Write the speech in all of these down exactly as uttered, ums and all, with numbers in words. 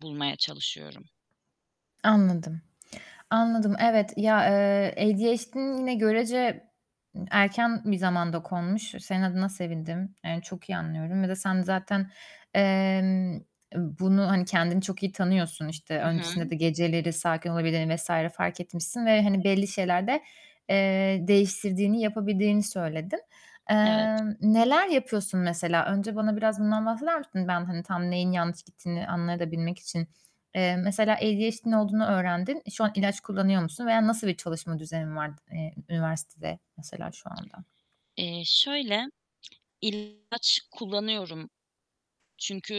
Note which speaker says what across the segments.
Speaker 1: Bulmaya çalışıyorum.
Speaker 2: Anladım. Anladım.
Speaker 1: Hıı.
Speaker 2: Evet, ya, eee, ADHD'n yine görece erken bir zamanda konmuş. Senin adına sevindim. Yani çok iyi anlıyorum. Bir de sen zaten, emm, bunu, hani, kendini çok iyi tanıyorsun. İşte,
Speaker 1: I
Speaker 2: öncesinde
Speaker 1: hı.
Speaker 2: de geceleri sakin olabildiğini vs. fark etmişsin ve, hani, belli şeylerde, eee, değiştirdiğini, yapabildiğini söyledin.
Speaker 1: Evet.
Speaker 2: Emm, neler yapıyorsun mesela? Önce bana biraz bundan bahseder misin? Ben, hani, tam neyin yanlış gittiğini anlayabilmek de için Eee, mesela ADHD'n olduğunu öğrendin. Şu an ilaç kullanıyor musun veya nasıl bir çalışma düzenin var, eee, üniversitede mesela şu anda?
Speaker 1: Eee, şöyle; ilaç kullanıyorum.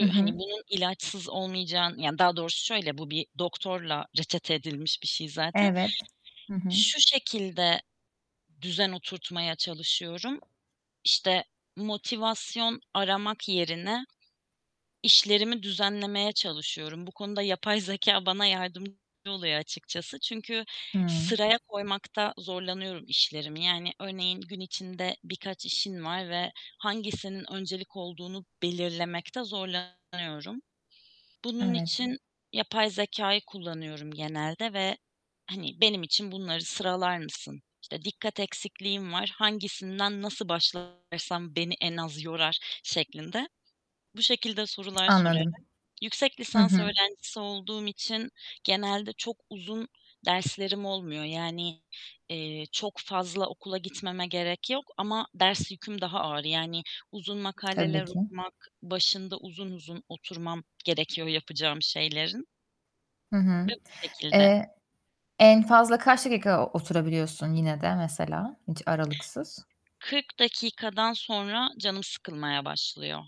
Speaker 2: Hı
Speaker 1: hani,
Speaker 2: hı.
Speaker 1: bunun ilaçsız olmayacağın Yani daha doğrusu şöyle; bu bir doktorla reçete edilmiş bir şey zaten.
Speaker 2: Evet. Hı hı.
Speaker 1: Şu şekilde düzen oturtmaya çalışıyorum: İşte, motivasyon aramak yerine işlerimi düzenlemeye çalışıyorum. Bu konuda yapay zekâ bana yardımcı oluyor açıkçası. Çünkü
Speaker 2: Hıı.
Speaker 1: sıraya koymakta zorlanıyorum işlerimi. Yani örneğin gün içinde birkaç işin var ve hangisinin öncelik olduğunu belirlemekte zorlanıyorum. Bunun
Speaker 2: Evet.
Speaker 1: için yapay zekâyı kullanıyorum genelde ve, hani, "Benim için bunları sıralar mısın? İşte, dikkat eksikliğim var. Hangisinden nasıl başlarsam beni en az yorar?" şeklinde, bu şekilde sorular sorarak.
Speaker 2: Anladım.
Speaker 1: Yüksek
Speaker 2: Hı
Speaker 1: lisans
Speaker 2: hı.
Speaker 1: öğrencisi olduğum için genelde çok uzun derslerim olmuyor. Yani, eee, çok fazla okula gitmeme gerek yok ama ders yüküm daha ağır. Yani uzun
Speaker 2: Tabii
Speaker 1: makaleler
Speaker 2: ki.
Speaker 1: okumak, başında uzun uzun oturmam gerekiyor yapacağım şeylerin.
Speaker 2: Hı
Speaker 1: Ve
Speaker 2: hı.
Speaker 1: bu şekilde.
Speaker 2: Eee, en fazla kaç dakika oturabiliyorsun yine de mesela hiç aralıksız?
Speaker 1: kırk dakikadan sonra canım sıkılmaya başlıyor.